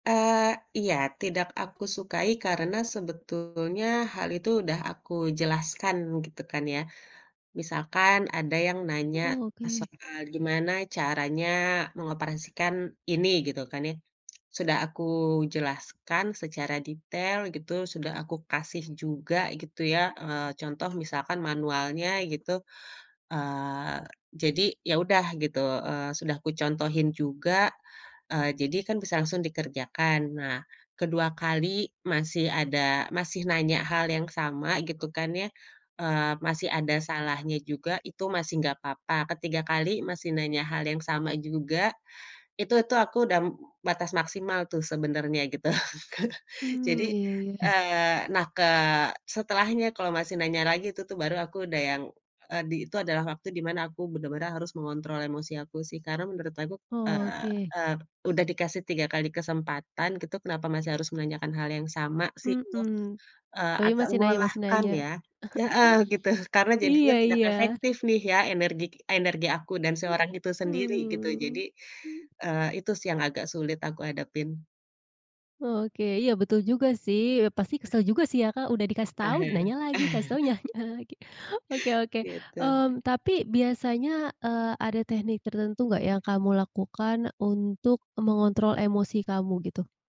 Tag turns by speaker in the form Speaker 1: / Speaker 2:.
Speaker 1: Eee, iya tidak aku sukai karena sebetulnya hal itu udah aku jelaskan gitu kan ya, misalkan ada yang nanya
Speaker 2: Oh oke.
Speaker 1: soal gimana caranya mengoperasikan ini gitu kan ya, sudah aku jelaskan secara detail gitu sudah aku kasih juga gitu ya, eee, contoh misalkan manualnya gitu, eee, jadi ya udah gitu, eee, sudah aku contohin juga, eee, jadi kan bisa langsung dikerjakan nah. ke-2 kali masih ada masih nanya hal yang sama gitu kan ya, eee, masih ada salahnya juga itu masih gak apa-apa, ke-3 kali masih nanya hal yang sama juga, itu tuh aku udah batas maksimal tuh sebenarnya gitu Kak jadi,
Speaker 2: Mmm, iya iya.
Speaker 1: eee, nah ke setelahnya kalau masih nanya lagi tuh tuh baru aku udah yang, eee, di itu adalah waktu di mana aku bener-bener harus mengontrol emosi aku sih karena menurut aku,
Speaker 2: Oh
Speaker 1: eee
Speaker 2: oke.
Speaker 1: eee, udah dikasih 3 kali kesempatan gitu kenapa masih harus menanyakan hal yang sama sih itu,
Speaker 2: Mhm,
Speaker 1: eee,
Speaker 2: tapi
Speaker 1: agak
Speaker 2: masih nanya masih
Speaker 1: melelahkan
Speaker 2: nanya.
Speaker 1: ya. Heeh, gitu karena jadinya
Speaker 2: Iya
Speaker 1: tidak
Speaker 2: iya.
Speaker 1: efektif nih ya energi energi aku dan si orang itu sendiri gitu jadi,
Speaker 2: Mmm, mmm.
Speaker 1: eee, itu sih yang agak sulit aku hadapin.
Speaker 2: Oke iya betul juga sih, eee, pasti
Speaker 1: Eh.
Speaker 2: kesel juga sih ya Kak udah dikasih tahu
Speaker 1: Ahe.
Speaker 2: nanya lagi, kasih tahu nanya lagi, oke oke,
Speaker 1: Gitu.
Speaker 2: mmm, tapi biasanya, eee, ada teknik tertentu nggak yang kamu lakukan untuk mengontrol emosi kamu gitu?